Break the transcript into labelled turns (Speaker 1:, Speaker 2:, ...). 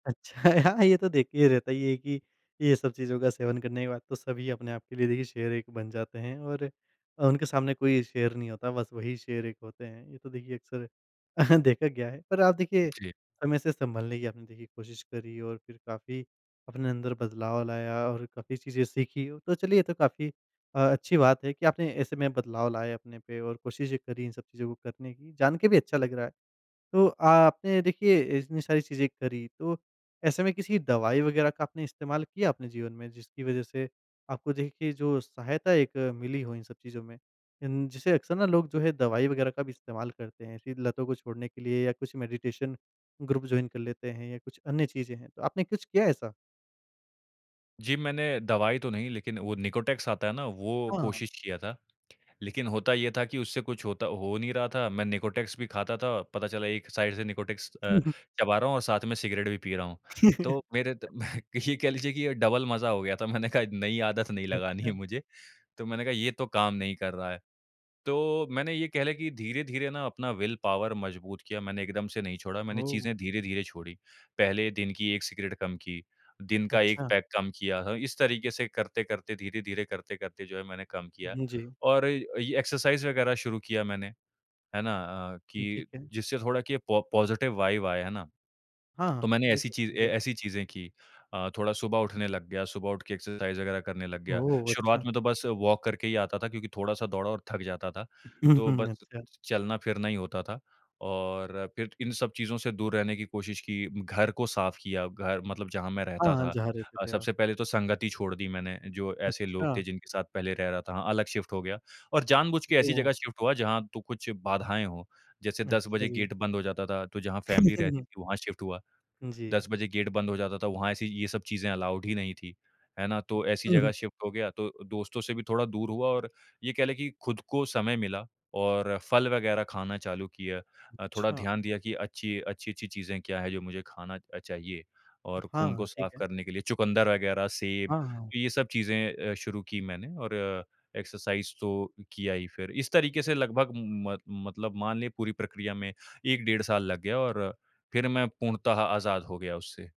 Speaker 1: अच्छा हाँ, ये तो देखिए रहता है कि ये सब चीज़ों का सेवन करने के बाद तो सभी अपने आप के लिए देखिए शेर एक बन जाते हैं और उनके सामने कोई शेर नहीं होता। बस वही शेर एक होते हैं, ये तो देखिए अक़्सर देखा गया है। पर आप देखिए
Speaker 2: जी।
Speaker 1: समय से सँभलने की आपने देखिए कोशिश करी और फिर काफ़ी अपने अंदर बदलाव लाया और काफ़ी चीज़ें सीखी, तो चलिए ये तो काफ़ी अ, अच्छी बात है कि आपने ऐसे में बदलाव लाए अपने पे और कोशिशें करी इन सब चीज़ों को करने की, जान के भी अच्छा लग रहा है। तो आपने देखिए इतनी सारी चीज़ें करी तो ऐसे में किसी दवाई वग़ैरह का आपने इस्तेमाल किया अपने जीवन में जिसकी वज़ह से आपको देखिए जो सहायता एक मिली हो इन सब चीज़ों में इन जिसे अक़्सर ना लोग जो है दवाई वग़ैरह का भी इस्तेमाल करते हैं। फ़िर लतों को छोड़ने के लिए या कुछ मेडिटेशन ग्रुप जॉइन कर लेते हैं या कुछ अन्य चीज़ें हैं। तो आपने कुछ किया ऐसा?
Speaker 2: जी, मैंने दवाई तो नहीं लेकिन वो निकोटेक्स आता है ना, वो
Speaker 1: हाँ।
Speaker 2: कोशिश किया था, लेकिन होता ये था कि उससे कुछ होता हो नहीं रहा था। मैं निकोटेक्स भी खाता था, पता चला एक साइड से निकोटेक्स
Speaker 1: हुँ,
Speaker 2: अ,
Speaker 1: हुँ।
Speaker 2: चबा रहा हूँ और साथ में सिगरेट भी पी रहा हूँ, तो मेरे ते ये कह लीजिए कि डबल मज़ा हो गया था, मैंने कहा नई आदत नहीं लगानी है
Speaker 1: अच्छा।
Speaker 2: मुझे। तो मैंने कहा ये तो काम नहीं कर रहा है, तो मैंने ये कह लें कि धीरे-धीरे ना अपना विल पावर मज़बूत किया, मैंने एकदम से नहीं छोड़ा, मैंने
Speaker 1: ओह!
Speaker 2: चीज़ें धीरे-धीरे छोड़ी। पहले दिन की 1 सिगरेट कम की, दिन का 1
Speaker 1: अच्छा।
Speaker 2: पैक कम किया था, इस तरीके से करते-करते, धीरे-धीरे करते-करते जो है मैंने कम किया
Speaker 1: हुँ, जी।
Speaker 2: और ये एक्सरसाइज़ वग़ैरह शुरू किया मैंने। है ना? अ,
Speaker 1: ये
Speaker 2: कि
Speaker 1: ठीक है।
Speaker 2: जिससे थोड़ा कि ये पो पॉज़िटिव वाइब आए है ना।
Speaker 1: हाँ,
Speaker 2: तो
Speaker 1: हाँ,
Speaker 2: मैंने
Speaker 1: ये
Speaker 2: ऐसी
Speaker 1: तो
Speaker 2: चीज़ें
Speaker 1: ठीक है।
Speaker 2: ऐसी चीज़ें की अ, थोड़ा सुबह उठने लग गया, सुबह उठ के एक्सरसाइज़ वग़ैरह करने लग गया।
Speaker 1: ओह!
Speaker 2: शुरुआत
Speaker 1: अच्छा।
Speaker 2: में तो बस वॉक करके ही आता था, क्योंकि थोड़ा-सा दौड़ा और थक जाता था, तो बस
Speaker 1: अच्छा।
Speaker 2: चलना-फिरना ही होता था और फिर इन सब चीज़ों से दूर रहने की कोशिश की, घर को साफ़ किया, घर मतलब जहाँ मैं
Speaker 1: हाँ,
Speaker 2: रहता
Speaker 1: हाँ,
Speaker 2: था।
Speaker 1: जहाँ रहते थे आप।
Speaker 2: सबसे पहले तो संगति छोड़ दी मैंने, जो ऐसे लोग थे
Speaker 1: अच्छा।
Speaker 2: जिनके साथ पहले रह रहा था, हाँ, अलग शिफ़्ट हो गया और जानबूझ के ऐसी
Speaker 1: ओह!
Speaker 2: जगह शिफ़्ट हुआ जहाँ तो कुछ बाधाएँ हो, जैसे 10
Speaker 1: अच्छा,
Speaker 2: बजे
Speaker 1: जी।
Speaker 2: गेट बंद हो जाता था, तो जहाँ फ़ैमिली रहती थी वहाँ शिफ़्ट हुआ।
Speaker 1: जी।
Speaker 2: 10 बजे गेट बंद हो जाता था, वहाँ ऐसी ये सब चीज़ें अलाउड ही नहीं थी। है ना? तो ऐसी
Speaker 1: हुँ,
Speaker 2: जग़ह
Speaker 1: हुँ।
Speaker 2: शिफ़्ट हो गया तो दोस्तों से भी थोड़ा दूर हुआ और ये कह लें कि खुद को समय मिला और फल वग़ैरह खाना चालू किया। अ, थोड़ा
Speaker 1: अच्छा।
Speaker 2: ध्यान दिया कि अच्छी, अच्छी-अच्छी चीज़ें क्या है, जो मुझे खाना चाहिए। और खून को
Speaker 1: हाँ,
Speaker 2: साफ़
Speaker 1: ठीक है।
Speaker 2: करने के लिए, चुकंदर वग़ैरह, सेब,
Speaker 1: हाँ, हाँ।
Speaker 2: तो ये सब चीज़ें अ, शुरू की मैंने और अ, एक्सरसाइज़ तो किया ही फिर। इस तरीके से लगभग म मतलब मान ले पूरी प्रक्रिया में 1 डेढ़ साल लग गया और फिर मैं पूर्णतः आज़ाद हो गया उससे।